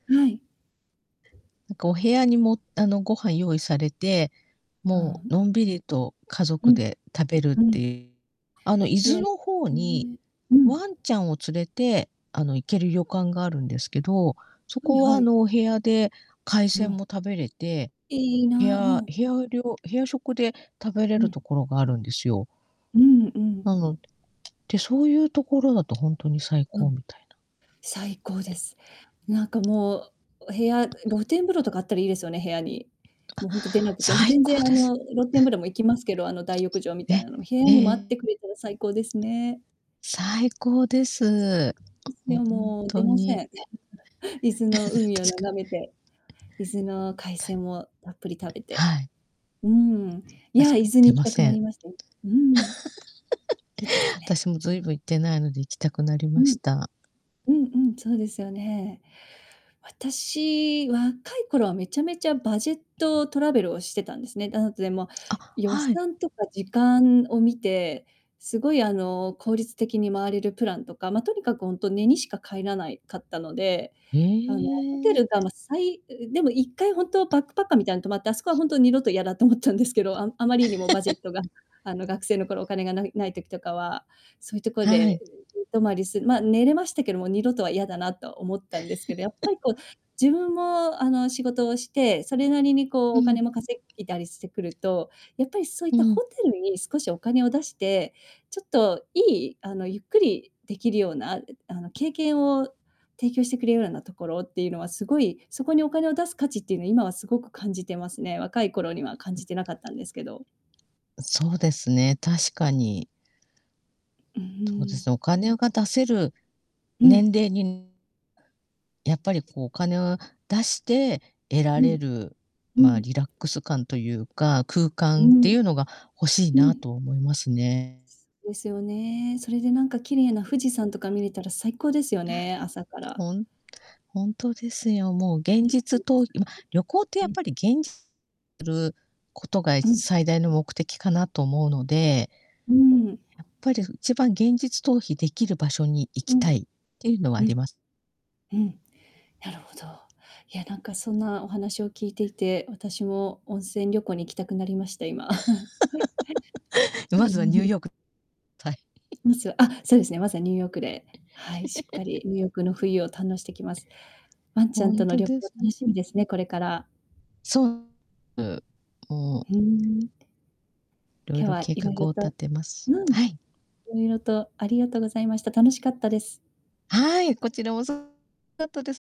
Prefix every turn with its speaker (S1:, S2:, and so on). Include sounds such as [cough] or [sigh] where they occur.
S1: はい。
S2: なんか、お部屋にも、あの、ご飯用意されて、
S1: あ
S2: も
S1: あ、う
S2: う、
S1: ん。
S2: のんびりと家
S1: う
S2: 族
S1: ん。
S2: で食べるっ
S1: うん。
S2: てあの、伊豆
S1: やり
S2: の方
S1: うー
S2: に、
S1: ん。うん。
S2: ワンちゃんを連れて、あの、行けるよかんがあるんですけど、そ
S1: うん、
S2: こは、
S1: は
S2: あ
S1: い。
S2: の、お部屋で海
S1: う
S2: 鮮も
S1: ん。
S2: 食べれて、
S1: いい
S2: 部
S1: な、う
S2: 屋
S1: ん。
S2: 部屋料部屋食で食べれ
S1: う
S2: ると
S1: ん。
S2: ころがあるんですよ。
S1: うん、うん。
S2: なのでで、そういうところだと、ほんとに最
S1: う
S2: 高
S1: ん。
S2: みたいな。
S1: 最高です。なんか、もう、お部屋う露天風呂とかあったらいいですよね、部屋に。
S2: あ。
S1: もう、ほんと出なくて。もう、
S2: 最
S1: 全然、
S2: 高
S1: あ
S2: です。
S1: の、露天風呂
S2: [chuckles]
S1: も行きますけど、あの、大浴場みたい
S2: え、
S1: なのも。部屋
S2: え
S1: にもあって
S2: え。
S1: くれたら最高ですね。
S2: 最高です。
S1: です
S2: ほん
S1: よ、もう、出
S2: と
S1: ません、
S2: に。
S1: 全部。伊豆の
S2: [laughs]
S1: 海を
S2: 確か。
S1: 眺めて。伊豆の海
S2: た
S1: 鮮をたっぷり食べて。
S2: はい。
S1: うん。いや、
S2: 確
S1: 伊
S2: か
S1: 豆に
S2: 出
S1: 行き
S2: ま
S1: たく
S2: せ
S1: な
S2: ん。
S1: りましたよ。うん。いいです
S2: [laughs]
S1: ね。
S2: 私もずいぶん行ってないので、行きたくなり
S1: う
S2: まし
S1: ん。
S2: た。
S1: うんうん。そうですよね。私、若い頃はめちゃめちゃバジェットトラベルをしてたんですね。あと、でも、
S2: あ、
S1: 予
S2: はい。
S1: 算とか時間を見て、すごい、あの、効率的に回れるプランとか、ま、とにかく、ほんと寝にしか帰らないかったので、
S2: へ
S1: あの、ホテ
S2: え。
S1: ルが、ま、さいううでも、1回ほんとバックパッカーみたいに泊まって、あそこは、ほんと、二度と嫌だと思ったんですけど。ああまりにもバジェッ
S2: [laughs]
S1: トが、あの、学生の頃お金がないない時とかは、そういうとこ
S2: は
S1: で、
S2: い。
S1: うう、う泊まりすま、寝れましたけども、二度とは嫌だなと思ったんですけど、やっぱ
S2: [chuckles]
S1: り、こう、自分も、あの、仕事をして、それなりに、こう、
S2: う
S1: お
S2: ん。
S1: 金も稼いたりしてくると、やっぱり、そういっ
S2: う
S1: た
S2: ん。
S1: ホテルに少しお金を出して、ちょっといい、あの、ゆっくりできるような、うあの、経験を提供してくれようらなところっていうのは、すごい、そこに、お金を出す価値っていうのは、今はすごく感じてますね。若い頃には感じてなかったんですけど。
S2: そうですね。確かに。
S1: う
S2: とうで
S1: ー
S2: す
S1: ん。
S2: ね。お金が出せる
S1: う
S2: 年
S1: ん。
S2: 齢にやっぱり、こう、お金を出して得ら
S1: う
S2: れ
S1: ん。
S2: る、
S1: う
S2: まあ、
S1: ん。
S2: リラックス感というか、空
S1: う
S2: 間ってい
S1: ん。
S2: うのが欲しい
S1: う
S2: な
S1: ん。
S2: と思いますね。
S1: ですよね。それで、なんか、綺麗な富士山とか見れたら最高ですよ
S2: あ、
S1: ね。朝から。
S2: ほんほんとですよ。もう、
S1: う
S2: 現
S1: んう
S2: 実
S1: ん。
S2: と今、旅行って、
S1: う
S2: やっ
S1: ん。
S2: ぱり、現 [unintelligible] ることが、い
S1: うん。
S2: 最大の目的かなと思うので
S1: うーん。
S2: やっぱり、ふ一番現実逃避できる場所に行
S1: う
S2: き
S1: ん。
S2: たいっていうのはあ
S1: う
S2: り
S1: ん。
S2: ます。
S1: うん。なるほど。いや、なんか、そんな、お話を聞いていて、私も温泉旅行に行きたくなりました、今。
S2: [laughs] まずは、ニュー
S1: [chuckles]
S2: ヨークはい。
S1: まず、あ、
S2: [laughs]
S1: そうですね。まずは、ニューヨークで、はい。しっかり
S2: [chuckles]
S1: ニューヨークの冬を堪能してきます。ワンちゃ
S2: ほ
S1: ん
S2: ん
S1: との
S2: と
S1: 旅
S2: で
S1: 行
S2: すね。
S1: 楽しみですね。これから。
S2: そう。う、うん。
S1: ふーん。
S2: いろい
S1: 今日
S2: ろ
S1: は
S2: 計
S1: いろい
S2: 画
S1: ろ
S2: を立
S1: と
S2: てます。
S1: うん。い
S2: はい。
S1: ろいろとありがとうございました。楽しかったです。
S2: はい。こちら、そ [unintelligible] かったです。